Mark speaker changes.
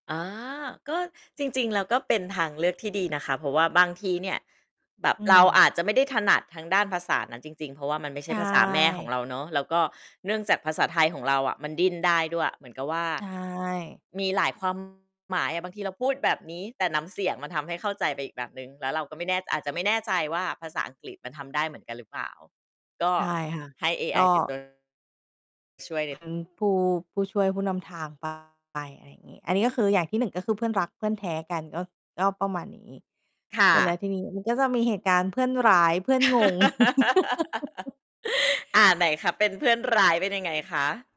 Speaker 1: อ๋อ ก็จริง ๆ แล้ว ก็เป็นทางเลือกที่ดีนะคะ เพราะว่าบางทีเนี่ยแบบ
Speaker 2: อื
Speaker 1: เราอ
Speaker 2: ม
Speaker 1: าจจะไม่ได้ถนัดทางด้านภาษานั้นจริง ๆ เพราะว่า มันไม่ใ
Speaker 2: ใ
Speaker 1: ช
Speaker 2: ช
Speaker 1: ่ภาษาแม่ของ
Speaker 2: ่
Speaker 1: เราเนาะ แล้วก็เนื่องจากภาษาไทยของเราอะมันดิ้นได้ด้วย เหมือนกับว่า
Speaker 2: ใช่
Speaker 1: มีหลาย ความ หมายอะ บางทีเราพูดแบบนี้ แต่น้ำเสียงมันทำให้เข้าใจไปอีกแบบหนึ่ง แล้วเราก็ไม่แน่ อาจจะไม่แน่ใจว่าภาษาอังกฤษมันทำได้เหมือนกันหรือเปล่า ก็
Speaker 2: ใช่ค่ะ
Speaker 1: ให้เอ
Speaker 2: ก
Speaker 1: ไอ
Speaker 2: ็
Speaker 1: เป็น ตัว ช่วยแบบ
Speaker 2: เป็น ผู้ ผู้ช่วยผู้นำทาง ไป อะไรอย่างงี้ อันนี้ ก็คืออย่างที่ 1 ก็คือเพื่อนรักเพื่อนแท้กันก็ ก็ประมาณนี้
Speaker 1: ค่
Speaker 2: เสร็จแล้ว
Speaker 1: ะ
Speaker 2: ทีนี้มันก็จะมีเหตุการณ์เพื่อนร้าย เพื่อนงง
Speaker 1: อา ไหนคะ เป็นเพื่อนร้ายเป็นยังไงคะ?